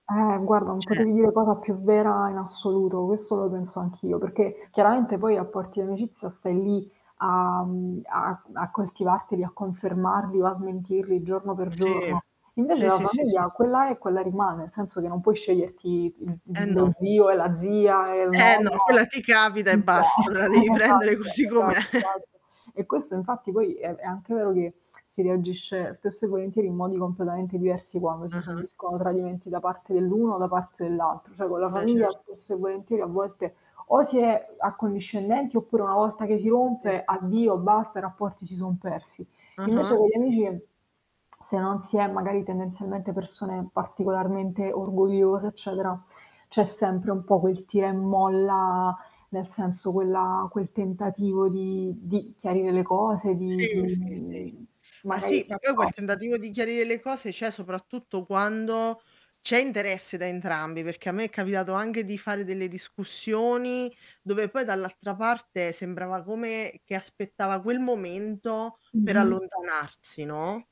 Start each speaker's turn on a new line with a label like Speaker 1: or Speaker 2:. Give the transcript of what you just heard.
Speaker 1: Eh guarda, non
Speaker 2: C'è.
Speaker 1: potevi dire cosa più vera in assoluto, questo lo penso anch'io, perché chiaramente poi i rapporti d'amicizia stai lì a, mhmm, a a coltivarteli, a confermarli o a smentirli giorno per
Speaker 2: Sì,
Speaker 1: giorno. Invece
Speaker 2: sì,
Speaker 1: la
Speaker 2: sì, sì,
Speaker 1: famiglia,
Speaker 2: sì.
Speaker 1: quella è quella rimane, nel senso che non puoi sceglierti
Speaker 2: Eh
Speaker 1: l lo
Speaker 2: no.
Speaker 1: zio e la zia e il
Speaker 2: Eh-eh no,
Speaker 1: nonno.
Speaker 2: quella ti capita e basta,
Speaker 1: [unintelligible]
Speaker 2: te la devi
Speaker 1: Esatto.
Speaker 2: prendere così com'è.
Speaker 1: Esatto, esatto. E questo infatti poi è è anche vero che si reagisce spesso e volentieri in modi completamente diversi quando si
Speaker 2: Ah-ah.
Speaker 1: subiscono tradimenti da parte dell'uno o da parte dell'altro, cioè con la
Speaker 2: Beh,
Speaker 1: famiglia
Speaker 2: cer
Speaker 1: spesso e volentieri a volte o si è accondiscendenti, oppure una volta che si
Speaker 2: Sì.
Speaker 1: rompe, addio basta, i rapporti si son persi. Invece
Speaker 2: Ah-ah.
Speaker 1: con gli amici, se non si è magari tendenzialmente persone particolarmente orgogliose, eccetera, c'è sempre un po' quel tira e molla, nel senso quella quel tentativo di di chiarire le cose,
Speaker 2: Sì,
Speaker 1: di di,
Speaker 2: sì, sì.
Speaker 1: uhm,
Speaker 2: Ma
Speaker 1: magari
Speaker 2: sì, ma poi quel
Speaker 1: [unintelligible]
Speaker 2: tentativo di chiarire le cose c'è soprattutto quando c'è interesse da entrambi, perché a me è capitato anche di fare delle discussioni, dove poi dall'altra parte sembrava come che aspettava quel momento per
Speaker 1: Mh-mh.
Speaker 2: allontanarsi, no?